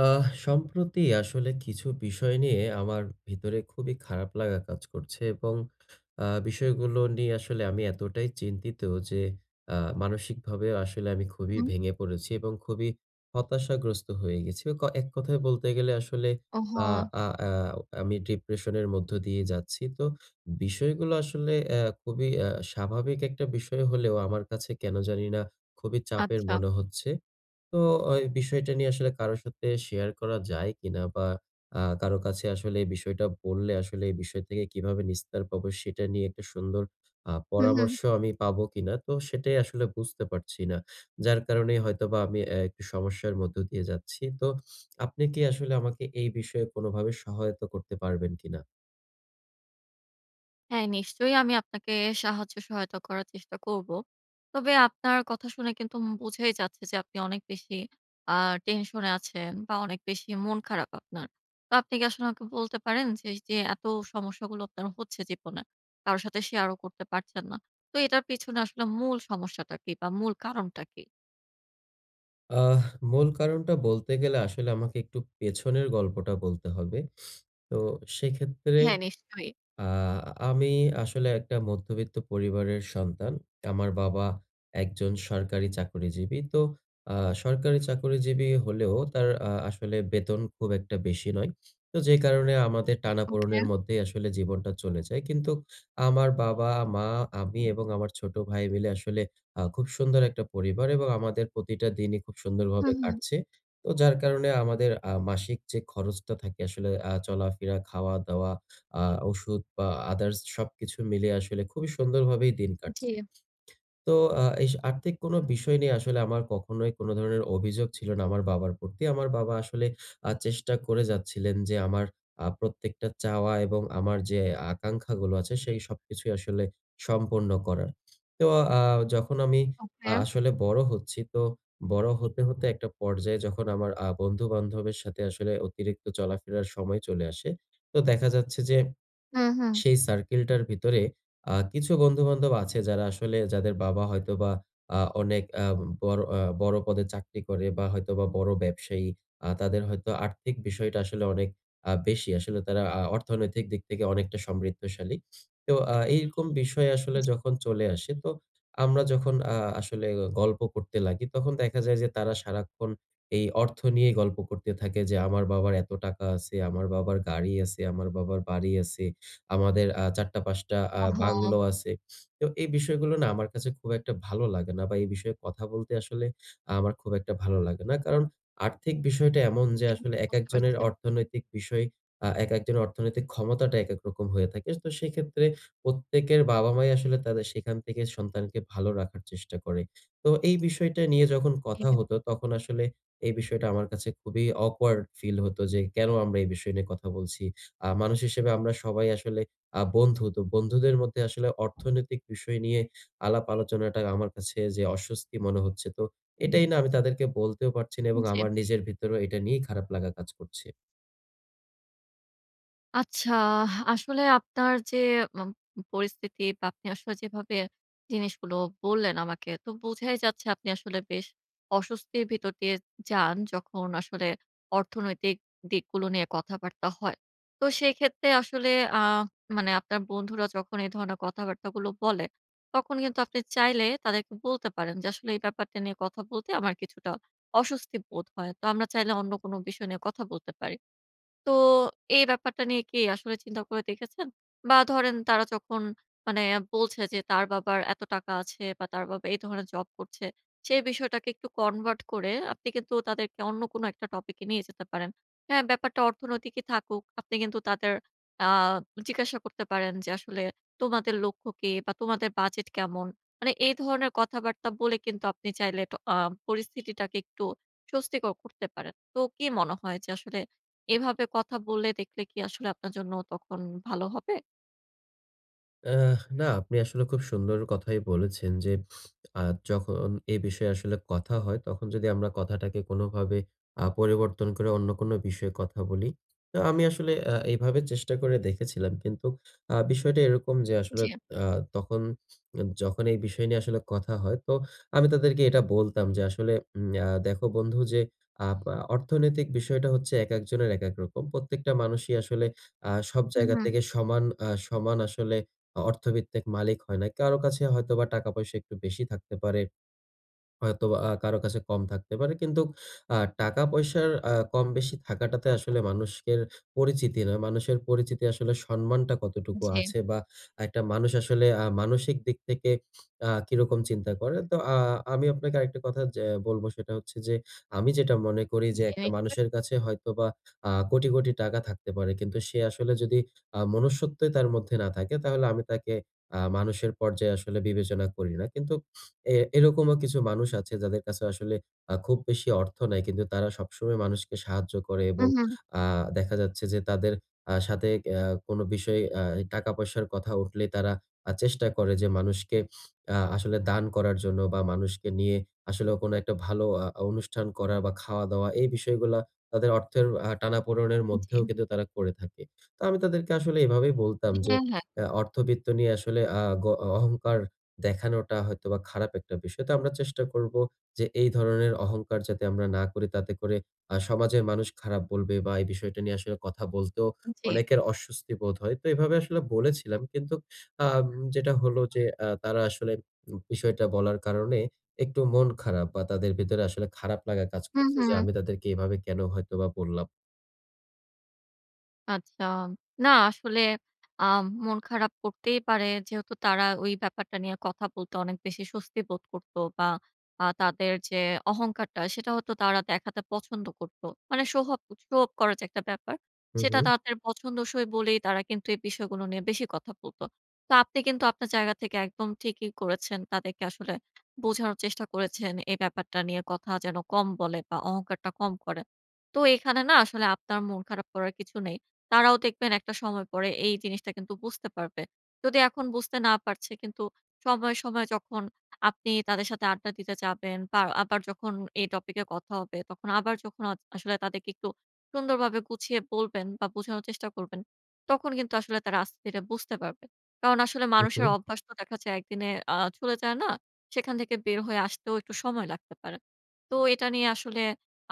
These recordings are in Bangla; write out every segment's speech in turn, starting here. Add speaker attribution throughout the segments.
Speaker 1: আহ সম্প্রতি আসলে কিছু বিষয় নিয়ে আমার ভিতরে খুবই খারাপ লাগা কাজ করছে এবং আ বিষয়গুলো নিয়ে আসলে আমি এতটাই চিন্তিত যে, আ মানসিকভাবে আসলে আমি খুবই
Speaker 2: উম
Speaker 1: ভেঙে পড়েছি, এবং খুবই হতাশাগ্রস্ত হয়ে গেছি। ক এক কথায় বলতে গেলে, আসলে আ
Speaker 2: ওহহো!
Speaker 1: আ আ অ আমি ডিপ্রেশন এর মধ্য দিয়ে যাচ্ছি। তো বিষয়গুলো আসলে অ্যা খুবই অ্যা স্বাভাবিক একটা বিষয় হলেও, আমার কাছে কেন জানি না, খুবই চাপের
Speaker 2: আচ্ছা।
Speaker 1: মনে হচ্ছে। তো এই বিষয়টা নিয়ে আসলে কারো সাথে শেয়ার করা যায় কিনা বা আ কারো কাছে আসলে এই বিষয়টা বললে, আসলে এই বিষয় থেকে কিভাবে নিস্তার পাবো, সেটা নিয়ে একটা সুন্দর আ
Speaker 2: হু,
Speaker 1: পরামর্শ
Speaker 2: হু।
Speaker 1: আমি পাবো কিনা। তো সেটাই আসলে বুঝতে পারছি না। যার কারণেই হয়তোবা আমি অ্যা সমস্যার মধ্য দিয়ে যাচ্ছি। তো আপনি কি আসলে আমাকে এই বিষয়ে কোনভাবে সহায়তা করতে পারবেন কিনা?
Speaker 2: হ্যাঁ, নিশ্চয়ই আমি আপনাকে সাহায্য সহায়তা করার চেষ্টা করব। তবে আপনার কথা শুনে কিন্তু উম বোঝাই যাচ্ছে, যে আপনি অনেক বেশি আ টেনশন এ আছেন বা অনেক বেশি মন খারাপ আপনার। তো আপনি কি আসলে আমাকে বলতে পারেন, যে যে এত সমস্যাগুলো আপনার হচ্ছে জীবনে। কারো সাথে শেয়ারও করতে পারছেন না। তো এটার পেছনে আসলে মূল সমস্যাটা কি? বা মূল কারণটা কী?
Speaker 1: আহ মূল কারণটা বলতে গেলে, আসলে আমাকে একটু পেছনের গল্পটা বলতে হবে। তো সেক্ষেত্রে
Speaker 2: হ্যাঁ, নিশ্চয়।
Speaker 1: আ আমি আসলে একটা মধ্যবিত্ত পরিবারের সন্তান। আমার বাবা একজন সরকারি চাকরিজীবী। তো আ সরকারি চাকরিজীবী হলেও তার আ আসলে বেতন খুব একটা বেশি নয়। তো যে, কারণে আমাদের
Speaker 2: ওকে।
Speaker 1: টানাপোড়নের মধ্যেই আসলে জীবনটা চলে যায়। কিন্তু আমার বাবা, মা, আমি এবং আমার ছোট ভাই মিলে আসলে আ খুব সুন্দর একটা পরিবার এবং আমাদের প্রতিটা দিনই খুব সুন্দরভাবে
Speaker 2: হুম, হুম।
Speaker 1: কাটছে। তো যার কারণে আমাদের আ মাসিক যে, খরচটা থাকে আসলে আ চলাফেরা, খাওয়া-দাওয়া, আ ওষুধ বা আদার্স, সবকিছু মিলিয়ে আসলে খুবই সুন্দরভাবে দিন কাটছে।
Speaker 2: জী।
Speaker 1: তো আ এই আর্থিক কোন বিষয় নেই আসলে আমার কখনোই কোন ধরনের অভিযোগ ছিল না আমার বাবার প্রতি। আমার বাবা আসলে আ চেষ্টা করে যাচ্ছিলেন যে, আমার আ প্রত্যেকটা চাওয়া এবং আমার যে, আকাঙ্খাগুলো আছে সেই সবকিছুই আসলে সম্পন্ন করার। তো আ যখন আমি আ
Speaker 2: ওকে।
Speaker 1: আসলে বড় হচ্ছি, তো বড় হতে, হতে একটা পর্যায়ে যখন আমার আ বন্ধু-বান্ধবের সাথে আসলে অতিরিক্ত চলাফেরার সময় চলে আসে। তো দেখা যাচ্ছে যে,
Speaker 2: হুম, হুম।
Speaker 1: সেই সার্কেলটার ভিতরে আ কিছু বন্ধু-বান্ধব আছে, যারা আসলে যাদের বাবা হয়তোবা আ অনেক আ বড় আ বড় পদে চাকরি করে বা, হয়তোবা বড় ব্যবসায়ী। আ তাদের হয়তো আর্থিক বিষয়টা আসলে অনেক আ বেশি আসলে। তারা আ অর্থনৈতিক দিক থেকে অনেকটা সমৃদ্ধশালী। তো আ এইরকম বিষয় আসলে
Speaker 2: জী।
Speaker 1: যখন চলে আসে, তো আমরা যখন আ আসলে গ গল্প করতে লাগি, তখন দেখা যায় যে, তারা সারাক্ষণ এই অর্থ নিয়েই গল্প করতে থাকে যে, "আমার বাবার এত টাকা আছে, আমার বাবার গাড়ি আছে, আমার বাবার বাড়ি আছে, আমাদের আ ৪ টা, ৫ টা আ বাংলো
Speaker 2: অহহো।
Speaker 1: আছে। তো এই বিষয়গুলো না আমার কাছে খুব একটা ভালো লাগে না। বা, এই বিষয়ে কথা বলতে আসলে আমার খুব একটা ভালো লাগে না। কারণ আর্থিক বিষয়টা এমন যে,
Speaker 2: জী,
Speaker 1: আসলে
Speaker 2: বুঝতে
Speaker 1: একেকজনের
Speaker 2: পারছি।
Speaker 1: অর্থনৈতিক বিষয় আ একেকজনের অর্থনৈতিক ক্ষমতাটা একেক রকম হয়ে থাকে। তো সেক্ষেত্রে প্রত্যেকের বাবা-মাই আসলে তাদের সেখান থেকে সন্তানকে ভালো রাখার চেষ্টা করে। তো এই বিষয়টা নিয়ে যখন কথা
Speaker 2: হুম।
Speaker 1: হতো, তখন আসলে এই বিষয়টা আমার কাছে খুবই awkward ফিল হতো যে, কেন আমরা এই বিষয় নিয়ে কথা বলছি। আ মানুষ হিসেবে আমরা সবাই আসলে আ বন্ধু। তো বন্ধুদের মধ্যে আসলে অর্থনৈতিক বিষয় নিয়ে আলাপ আলোচনাটা আমার কাছে যে, অস্বস্তি মনে হচ্ছে। তো এটাই না আমি তাদেরকে বলতেও পারছি না এবং
Speaker 2: জী।
Speaker 1: আমার নিজের ভিতরেও এটা নিয়েই খারাপ লাগা কাজ করছে।
Speaker 2: আচ্ছা, আহ আসলে আপনার যে, অম মম পরিস্থিতি বা, আপনি আসলে যেভাবে জিনিসগুলো বললেন আমাকে। তো বোঝাই যাচ্ছে আপনি আসলে বেশ অস্বস্তির ভিতর দিয়ে যান। যখন আসলে অর্থনৈতিক দিকগুলো নিয়ে কথাবার্তা হয়। তো সেইক্ষেত্রে আসলে আ মানে আপনার বন্ধুরা যখন এই ধরনের কথাবার্তাগুলো বলে তখন কিন্তু আপনি চাইলে তাদেরকে বলতে পারেন যে, আসলে, "এই ব্যাপারটা নিয়ে কথা বলতে আমার কিছুটা অস্বস্তি বোধ হয়। তো আমরা চাইলে অন্য কোন বিষয় নিয়ে কথা বলতে পারি।" তো এই ব্যাপারটা নিয়ে কি আসলে চিন্তা করে দেখেছেন? বা, ধরেন তারা যখন মানে বলছে যে, "তার বাবার এত টাকা আছে বা, তার বাবা এই ধরনের জব করছে।" সেই বিষয়টাকে একটু কনভার্ট করে আপনি কিন্তু তাদেরকে অন্য কোন একটা টপিকে নিয়ে যেতে পারেন। হ্যাঁ, ব্যাপারটা অর্থনৈতিকই থাকুক। আপনি কিন্তু তাদের আ জিজ্ঞাসা করতে পারেন যে, আসলে, "তোমাদের লক্ষ্য কী? বা তোমাদের বাজেট কেমন?" মানে এই ধরনের কথাবার্তা বলে কিন্তু আপনি চাইলে টা আ পরিস্থিতিটাকে একটু স্বস্তিকর করতে পারেন। তো কি মনে হয় যে, আসলে এভাবে কথা বলে দেখলে কি আসলে আপনার জন্য তখন ভালো হবে?
Speaker 1: অ্যা না আপনি আসলে খুব সুন্দর কথাই বলেছেন যে, আ যখন এ বিষয়ে আসলে কথা হয়, তখন যদি আমরা কথাটাকে কোনোভাবে আ পরিবর্তন করে অন্য কোন বিষয়ে কথা বলি। তো আমি আসলে আ এভাবে চেষ্টা করে দেখেছিলাম। কিন্তু আ বিষয়টা এরকম যে, আসলে
Speaker 2: জী।
Speaker 1: আ তখন যখন এই বিষয় নিয়ে আসলে কথা হয়, তো আমি তাদেরকে এটা বলতাম যে, আসলে, উম আ "দেখো বন্ধু যে, আপ অর্থনৈতিক বিষয়টা হচ্ছে একেকজনের একেক রকম। প্রত্যেকটা মানুষই আসলে আ সব
Speaker 2: হুম,
Speaker 1: জায়গা
Speaker 2: হুম।
Speaker 1: থেকে সমান অ্যা সমান আসলে আ অর্থভিত্তিক মালিক হয় না। কারো কাছে হয়তোবা টাকা পয়সা একটু বেশি থাকতে পারে। হয়তোবা আ কারো কাছে কম থাকতে পারে। কিন্তু আ টাকা পয়সার আ কম বেশি থাকাটাতে আসলে মানুষের পরিচিতি না। মানুষের পরিচিতি আসলে সম্মানটা কতটুকু
Speaker 2: জী।
Speaker 1: আছে বা, একটা মানুষ আসলে আ মানসিক দিক থেকে আ কিরকম চিন্তা করে।" তো আ আমি আপনাকে আরেকটা কথা যা বলবো, সেটা হচ্ছে যে, আমি যেটা মনে করি যে, একটা
Speaker 2: জিনি বাট
Speaker 1: মানুষের কাছে হয়তোবা আ কোটি, কোটি টাকা থাকতে পারে। কিন্তু সে আসলে যদি আ মনুষ্যত্বই তার মধ্যে না থাকে, তাহলে আমি তাকে আ মানুষের পর্যায়ে আসলে বিবেচনা করি না। কিন্তু অ্যা এরকমও কিছু মানুষ আছে, যাদের কাছে আসলে খুব বেশি অর্থ নাই। কিন্তু তারা সবসময় মানুষকে সাহায্য করে এবং
Speaker 2: উহু।
Speaker 1: আ দেখা যাচ্ছে যে, তাদের আ সাথে অ্যা কোন বিষয়ে অ্যা টাকা পয়সার কথা উঠলেই, তারা আ চেষ্টা করে যে, মানুষকে আ আসলে দান করার জন্য বা, মানুষকে নিয়ে আসলেও কোন একটা আ ভালো অনুষ্ঠান করা বা, খাওয়া-দাওয়া, এই বিষয়গুলা তাদের অর্থের আ টানাপোড়নের মধ্যেও
Speaker 2: জী।
Speaker 1: কিন্তু তারা করে থাকে। তো আমি তাদেরকে আসলে এভাবেই বলতাম যে,
Speaker 2: হ্যাঁ, হ্যাঁ।
Speaker 1: আ "অর্থবৃত্ত নিয়ে আসলে আ অ অহংকার দেখানোটা হয়তোবা খারাপ একটা বিষয়। তো আমরা চেষ্টা করবো যে, এই ধরনের অহংকার যাতে আমরা না করি। তাতে করে আ সমাজের মানুষ খারাপ বলবে বা, এই বিষয়টা নিয়ে আসলে কথা বলতেও
Speaker 2: জী।
Speaker 1: অনেকের অস্বস্তি বোধ হয়।" তো এভাবে আসলে বলেছিলাম। কিন্তু আম যেটা হলো যে, আ তারা আসলে উ বিষয়টা বলার কারণে একটু মন খারাপ বা, তাদের ভেতরে আসলে খারাপ লাগা কাজ
Speaker 2: হুম,
Speaker 1: করছে। যে,
Speaker 2: হুম।
Speaker 1: আমি তাদেরকে এভাবে কেন হয়তোবা বললাম?
Speaker 2: আচ্ছা। না আসলে আ মন খারাপ করতেই পারে, যেহেতু তারা ওই ব্যাপারটা নিয়ে কথা বলতে, অনেক বেশি স্বস্তি বোধ করত, বা আ তাদের যে, অহংকারটা, সেটা হয়তো তারা দেখাতে পছন্দ করত মানে সোহাব সো অফ করার একটা ব্যাপার।
Speaker 1: হুম,
Speaker 2: সেটা
Speaker 1: হুম।
Speaker 2: তাদের পছন্দসই বলেই, তারা কিন্তু এই বিষয়গুলো নিয়ে বেশি কথা বলত। তো আপনি কিন্তু আপনার জায়গা থেকে একদম ঠিকই করেছেন। তাদেরকে আসলে বোঝানোর চেষ্টা করেছেন, এই ব্যাপারটা নিয়ে কথা যেন কম বলে, বা অহংকারটা কম করে। তো এখানে না, আসলে আপনার মন খারাপ করার কিছু নেই। তারাও দেখবেন একটা সময় পরে, এই জিনিসটা কিন্তু বুঝতে পারবে। যদি এখন বুঝতে না পারছে, কিন্তু সময়, সময় যখন আপনি তাদের সাথে আড্ডা দিতে যাবেন, বা আবার যখন এই টপিকে কথা হবে, তখন আবার যখন আ আসলে তাদেরকে একটু সুন্দরভাবে গুছিয়ে বলবেন, বা বোঝানোর চেষ্টা করবেন। তখন কিন্তু আসলে তারা আস্তে ধিরে বুঝতে পারবেন। কারণ আসলে
Speaker 1: হুম,
Speaker 2: মানুষের
Speaker 1: হুম।
Speaker 2: অভ্যাস তো দেখা যায়, ১ দিনে আ চলে যায় না, সেখান থেকে বের হয়ে আসতেও একটু সময় লাগতে পারে। তো এটা নিয়ে আসলে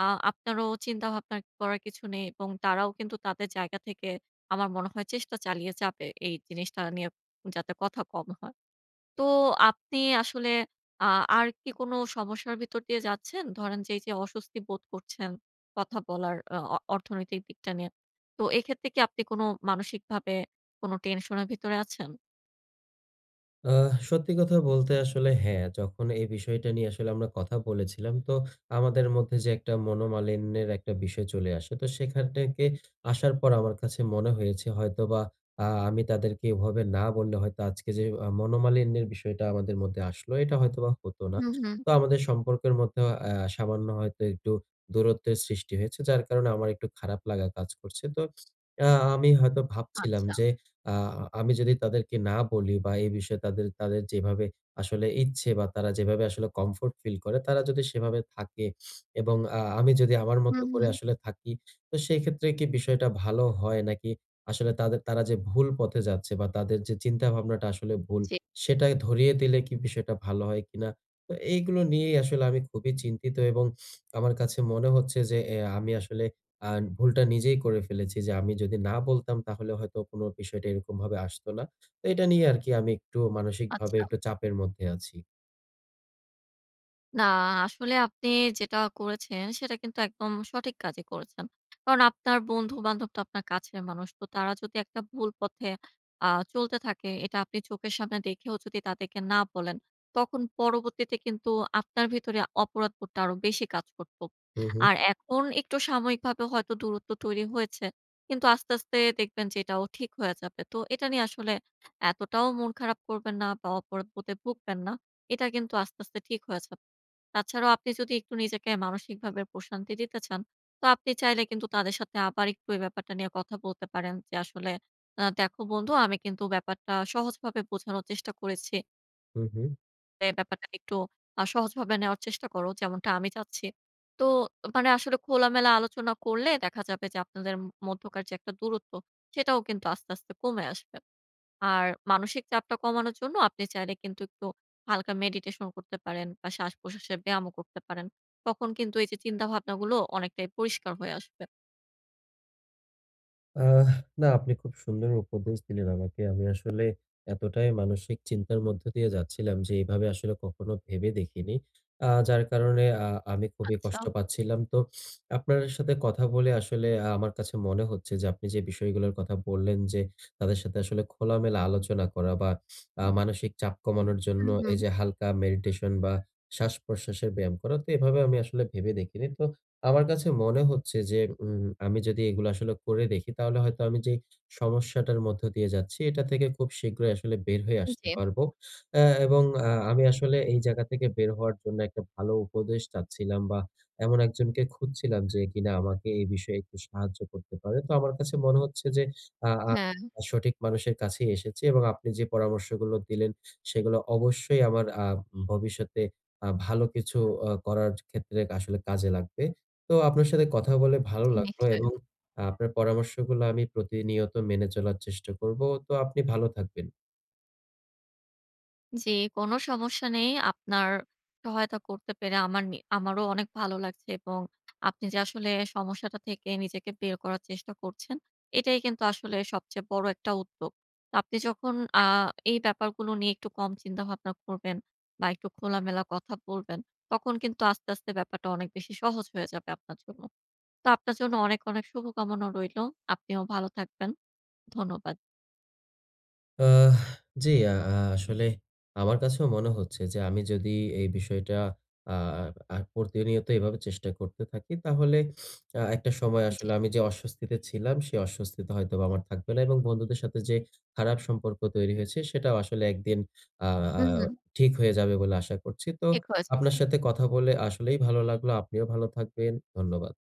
Speaker 2: আ আপনারও চিন্তাভাবনা করার কিছু নেই, এবং তারাও কিন্তু তাদের জায়গা থেকে আমার মনে হয় চেষ্টা চালিয়ে যাবে। এই জিনিসটা নিয়ে যাতে কথা কম হয়। তো আপনি আসলে আ আর কি কোন সমস্যার ভিতর দিয়ে যাচ্ছেন? ধরেন যে, এই যে, অস্বস্তি বোধ করছেন, কথা বলার অ অ অর্থনৈতিক দিকটা নিয়ে। তো এক্ষেত্রে কি আপনি কোন মানসিকভাবে কোন টেনশন এর ভেতরে আছেন?
Speaker 1: আ সত্যি কথা বলতে আসলে হ্যাঁ, যখন এই বিষয়টা নিয়ে আসলে আমরা কথা বলেছিলাম, তো আমাদের মধ্যে, যে, একটা মনোমালিন্যের একটা বিষয় চলে আসে। তো সেখান থেকে আসার পর আমার কাছে মনে হয়েছে হয়তোবা আ আমি তাদেরকে এভাবে না বললে হয়তো আজকে যে, আ মনোমালিন্যের বিষয়টা আমাদের মধ্যে আসলো, এটা হয়তোবা হতো না।
Speaker 2: হুম, হুম।
Speaker 1: তো আমাদের সম্পর্কের মধ্যে আ সামান্য হয়তো একটু দূরত্বের সৃষ্টি হয়েছে। যার কারণে আমার একটু খারাপ লাগা কাজ করছে। তো আ আমি হয়তো ভাবছিলাম
Speaker 2: আচ্ছা।
Speaker 1: যে, আ আমি যদি তাদেরকে না বলি বা, এ বিষয়ে তাদের তাদের যেভাবে আসলে ইচ্ছে বা, তারা যেভাবে আসলে কমফোর্ট ফিল করে, তারা যদি সেভাবে থাকে এবং আ আমি যদি আমার মত
Speaker 2: হুম,
Speaker 1: করে
Speaker 2: হুম।
Speaker 1: আসলে থাকি, তো সেক্ষেত্রে কি বিষয়টা ভালো হয় নাকি? আসলে তাদের তারা যে, ভুল পথে যাচ্ছে বা, তাদের যে, চিন্তা ভাবনাটা আসলে ভুল,
Speaker 2: জি।
Speaker 1: সেটা ধরিয়ে দিলে কি বিষয়টা ভালো হয় কিনা? তো এইগুলো নিয়েই আসলে আমি খুবই চিন্তিত এবং আমার কাছে মনে হচ্ছে যে, এ আমি আসলে আ ভুলটা নিজেই করে ফেলেছি যে, আমি যদি না বলতাম, তাহলে হয়তো কোন বিষয়টা এরকমভাবে আসতো না। ত এটা নিয়ে আরকি আমি একটু মানসিকভাবে
Speaker 2: আচ্ছা।
Speaker 1: একটু চাপের মধ্যে আছি।
Speaker 2: না, আ আসলে আপনি যেটা করেছেন, সেটা কিন্তু একদম সঠিক কাজই করেছেন। কারণ আপনার বন্ধু-বান্ধব তো আপনার কাছের মানুষ। তো তারা যদি একটা ভুল পথে আ চলতে থাকে, এটা আপনি চোখের সামনে দেখেও যদি তাদেরকে না বলেন, তখন পরবর্তীতে কিন্তু আপনার ভেতরে অপরাধবোধটা আরো বেশি কাজ করতো।
Speaker 1: হুম, হুম।
Speaker 2: আর এখন একটু সাময়িকভাবে হয়তো দূরত্ব তৈরি হয়েছে। কিন্তু আস্তে, আস্তে দেখবেন যে এটাও ঠিক হয়ে যাবে। তো এটা নিয়ে আসলে এতটাও মন খারাপ করবেন না বা অপরাধবোধে ভুগবেন না। এটা কিন্তু আস্তে, আস্তে ঠিক হয়ে যাবে। তাছাড়াও আপনি যদি একটু নিজেকে মানসিকভাবে প্রশান্তি দিতে চান, তো আপনি চাইলে কিন্তু তাদের সাথে আবার একটু এই ব্যাপারটা নিয়ে কথা বলতে পারেন। যে আসলে আ "দেখো বন্ধু, আমি কিন্তু ব্যাপারটা সহজভাবে বোঝানোর চেষ্টা করেছি"
Speaker 1: হুম, হুম।
Speaker 2: "এই ব্যাপারটা একটু আ সহজভাবে নেওয়ার চেষ্টা করো। যেমনটা আমি চাচ্ছি।" তো মানে আসলে খোলামেলা আলোচনা করলে দেখা যাবে যে আপনাদের ম মধ্যকার যে একটা দূরত্ব, সেটাও কিন্তু আস্তে, আস্তে কমে আসবে। আর মানসিক চাপটা কমানোর জন্য আপনি চাইলে কিন্তু একটু হালকা মেডিটেশন করতে পারেন বা শ্বাস-প্রশ্বাসে ব্যায়ামও করতে পারেন। তখন কিন্তু এইযে চিন্তাভাবনাগুলো অনেকটাই পরিষ্কার হয়ে আসবে।
Speaker 1: আহ না, আপনি খুব সুন্দর উপদেশ দিলেন আমাকে। আমি আসলে এতটাই মানসিক চিন্তার মধ্যে দিয়ে যাচ্ছিলাম যে, এভাবে আসলে কখনো ভেবে দেখিনি। আহ যার কারণে আহ আমি খুবই
Speaker 2: আচ্ছা।
Speaker 1: কষ্ট পাচ্ছিলাম। তো আপনার সাথে কথা বলে আসলে আ আমার কাছে মনে হচ্ছে যে, আপনি যে, বিষয়গুলোর কথা বললেন যে, তাদের সাথে আসলে খোলামেলা আলোচনা করা, বা আ মানসিক চাপ কমানোর জন্য
Speaker 2: হুম, হম।
Speaker 1: এইযে হালকা মেডিটেশন বা, শ্বাস-প্রশ্বাসের ব্যায়াম করা, তো এভাবে আমি আসলে ভেবে দেখিনি। তো আমার কাছে মনে হচ্ছে যে, উম আমি যদি এগুলো আসলে করে দেখি, তাহলে হয়তো আমি যেই সমস্যাটার মধ্য দিয়ে যাচ্ছি, এটা থেকে খুব শীঘ্রই আসলে বের হয়ে আসতে
Speaker 2: জি।
Speaker 1: পারবো। এহ এবং আহ আমি আসলে এই জায়গা থেকে বের হওয়ার জন্য একটা ভালো উপদেশ চাচ্ছিলাম, বা, এমন একজনকে খুঁজছিলাম যে, কিনা এ বিষয়ে একটু সাহায্য করতে পারেন। তো আমার কাছে মনে হচ্ছে যে, আ আ
Speaker 2: হ্যাঁ।
Speaker 1: সঠিক মানুষের কাছেই এসেছি। এবং আপনি যে, পরামর্শগুলো দিলেন, সেগুলো অবশ্যই আমার আহ ভবিষ্যতে আহ ভালো কিছু অ করার ক্ষেত্রে আসলে কাজে লাগবে। তো আপনার সাথে কথা বলে ভালো
Speaker 2: জি,
Speaker 1: লাগলো। এবং
Speaker 2: নিশ্চয়ই।
Speaker 1: আ আপনার পরামর্শগুলা আমি প্রতিনিয়ত মেনে চলার চেষ্টা করবো। তো আপনি ভালো থাকবেন।
Speaker 2: জি, কোন সমস্যা নেই। আপনার সহায়তা করতে পেরে আমার নি আমারও অনেক ভালো লাগছে। এবং আপনি যে, আসলে সমস্যাটা থেকে নিজেকে বের করার চেষ্টা করছেন, এটাই কিন্তু আসলে সবচেয়ে বড় একটা উদ্যোগ। আপনি যখন আহ এই ব্যাপারগুলো নিয়ে একটু কম চিন্তাভাবনা করবেন, বা একটু খোলামেলা কথা বলবেন, তখন কিন্তু আস্তে, আস্তে ব্যাপারটা অনেক বেশি সহজ হয়ে যাবে আপনার জন্য। তো আপনার জন্য অনেক, অনেক শুভকামনা রইলো। আপনিও ভালো থাকবেন। ধন্যবাদ।
Speaker 1: আহ জি। আ আহ আসলে আমার কাছেও মনে হচ্ছে যে, আমি যদি এই বিষয়টা আ আহ আ প্রতিনিয়ত এভাবে চেষ্টা করতে থাকি, তাহলে আহ একটা সময়
Speaker 2: জি।
Speaker 1: আসলে আমি যে, অস্বস্তিতে ছিলাম, সে অস্বস্তিতে হয়তোবা আমার থাকবো না। এবং বন্ধুদের সাথে যে, খারাপ সম্পর্ক তৈরি হয়েছে, সেটাও আসলে একদিন আ আ
Speaker 2: হুম, হম।
Speaker 1: ঠিক হয়ে যাবে বলে আশা করছি। তো
Speaker 2: ঠিক হয়ে
Speaker 1: আপনার
Speaker 2: যাবে।
Speaker 1: সাথে কথা বলে আসলেই ভালো লাগলো। আপনিও ভালো থাকবেন। ধন্যবাদ।